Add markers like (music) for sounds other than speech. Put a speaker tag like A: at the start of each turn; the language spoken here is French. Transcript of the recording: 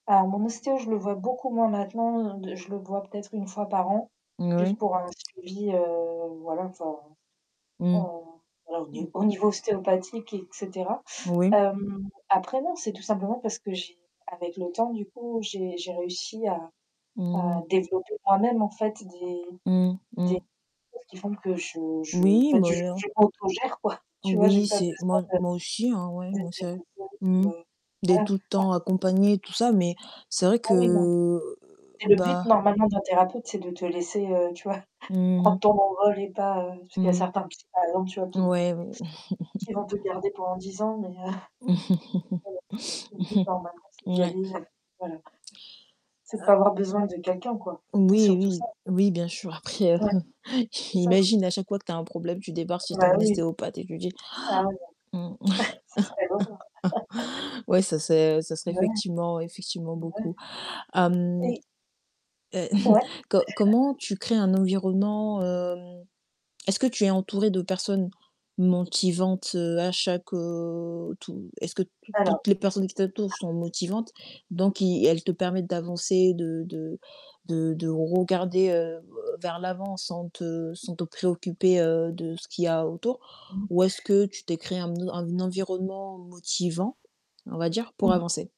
A: Alors mon ostéo, je le vois beaucoup moins maintenant, de je le vois peut-être 1 fois par an, juste
B: Moui.
A: pour un suivi, heu, voilà enfin, heu,
B: Mmh. Mmh.
A: (unintelligible) au niveau ostéopathique et cetera.
B: Oui.
A: Hem, après, non, c'est tout simplement parce que j'ai, avec le temps, du coup, j'ai j'ai réussi à à
B: Mmh.
A: développer moi-même en fait, des
B: Mmh.
A: des
B: Mmh.
A: choses qui font que je je en
B: Oui,
A: fait je
B: mais alors.
A: je m'auto gère quoi, tu vois? J'ai
B: Oui,
A: pas
B: c'est
A: besoin
B: moi moi aussi, hein, ouais,
A: de
B: moi, c'est mmh.
A: (unintelligible)
B: D'être
A: voilà
B: tout le
A: (unintelligible)
B: temps accompagné, et tout ça, mais c'est vrai
A: Ah
B: que,
A: oui, non,
B: heu,
A: et le but
B: bah
A: normalement d'un thérapeute, c'est de te laisser, heu, tu vois?
B: Mmh
A: Prendre
B: mh.
A: ton envol et pas, heu, parce qu'il y a
B: Mmh.
A: certains (unintelligible) tu vois? Qui vont
B: Ouais, oui,
A: qui vont te
B: (chuckles)
A: garder pendant 10 ans, mais heu (chuckles) (unintelligible) le but, normalement
B: (chuckles)
A: c'est d'y
B: Ouais.
A: aller, heu, voilà c'est de
B: A
A: pas avoir besoin de quelqu'un, quoi, c'est,
B: Oui,
A: surtout
B: oui,
A: ça.
B: oui, bien sûr. Après, heu,
A: Ouais.
B: (chuckles)
A: C'est ça.
B: j'imagine à chaque fois que tu as un problème, tu débarques chez
A: Ben
B: ton
A: oui.
B: ostéopathe et tu dis
A: (unintelligible) (chuckles) ça
B: (gasps) mmh
A: serait l'horreur (laughs)
B: (chuckles) ouais, ça c'est ça serait
A: Ouais,
B: effectivement effectivement
A: ouais.
B: beaucoup. Hem,
A: Oui.
B: heu, (chuckles)
A: Ouais. (unintelligible)
B: co comment tu crées un environnement, heu est-ce que tu es entourée de personnes motivantes, heu, à chaque, heu tout est-ce que tou
A: Alors
B: toutes les personnes qui t'entourent sont motivantes? Donc ils elles te permettent d'avancer, de de de de regarder, heu, vers l'avant sans te sans te préoccuper, heu, de ce qu'il y a autour.
A: Mmh.
B: Ou est-ce que tu t'es créée un un environnement motivant, on va dire, pour
A: Oui.
B: avancer?